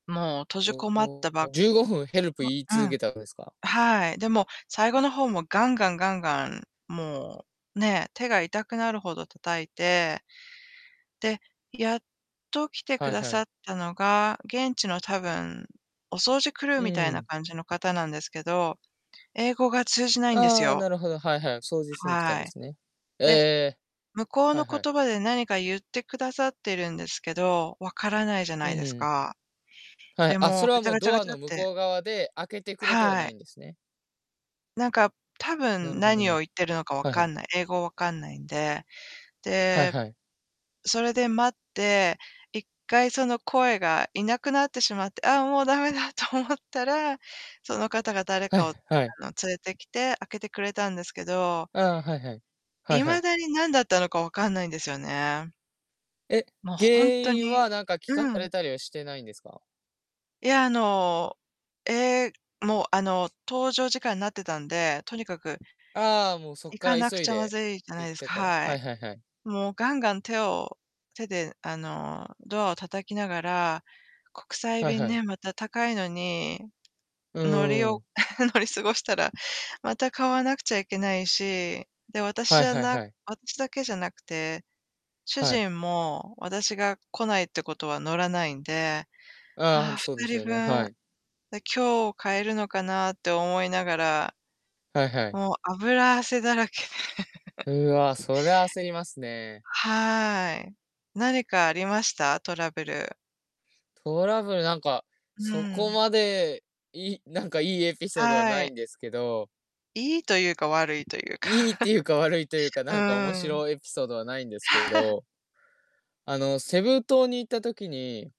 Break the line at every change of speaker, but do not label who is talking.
もう、閉じこまった、ば
15分、ヘルプ
[unintelligible]
言い
う
続
ん。
けたんですか？
はい。で、もう、最後の方も、ガンガンガンガン、もう、ね、手が痛くなるほど叩いて、で、やっと来てく
はい
だ
は
さ
い。
ったのが、現地の多分、お掃除クルー
うん
みたい
う
な
ん。
感じの方なんですけど、英語が通じないんです
ああ、
よ。
なるほど、はいはい、掃除しに来たん
は
で
い。
すね。え
で、
え。
向こう
はい
の
はい。
言葉で何か言ってくださってるんですけど、分からないじゃ
ふ
ない
んふ
です
ん。
か。
はい、
で、
あ、
も
そ
う、
れ
ガ
は
チ
も
ャ
う
ガチャ
ド
ガ
ア
チャ
の
っ
向
て
こう側で、開けてくれては
は
ない
い。
んですね。
なんか、多
なる
分
ほど
何を
ね、
言ってるのか分
はいは
か
い。
んない英語分かんないんで。
はい
で、
はい。
それで待って、1回その声がいなくなってしまって、ああ、もうダメだと思ったら、その方が誰
は
か
い、
を、あ
はい。
の、連れてきて、開けてくれたんですけど
ああ、はいはい。はいは
未
い。
だに、なんだったのか分かんないんですよね。
え、
も、
原
ほんと
因
に
はなんか聞か
う
され
ん。
たりはしてないんですか？
いや、あの、ええ、もう、あの、搭乗時間になってたんで、とにかく
ああ、もう、そっ
行
か
か
ら
なく
急い
ちゃま
で
ずいじゃない
行っ
です
た
か
から。
は
は
い。
いはいはい。
もう、ガンガン手を手で、あの、ドアを叩きながら、国際
はい
便
はい。
ね、また高いのに、
う
乗り
ん、うう
お
ん。
乗り過ごしたらまた買わなくちゃいけないし、で、私
は
じ
い
ゃ
はい
な
はい。
私だけじゃなくて、主
はい。
人も、私が来ないってことは、乗らないんで、
ああ、ほ
は
ん
あ、
と、
ふ
そうで
た
す
り
よ
ぶ
ね、
ん
はい。
で、今日買えるのかなって思いながら、
はいはい。
もう脂汗だらけで
うわ、そりゃ焦りますね。
はい、何かありました？トラブル。
トラブルなんか、
う
そこ
ん。
まで、いなんかいいエピソードはな
は
い
い。
んですけど
いいとゆうか、悪いとゆうか
いいって ゆうか、悪いとゆうか、
う
なんか面
ーん。
白エピソードはないんですけ ど、あの、セブ島に行った時に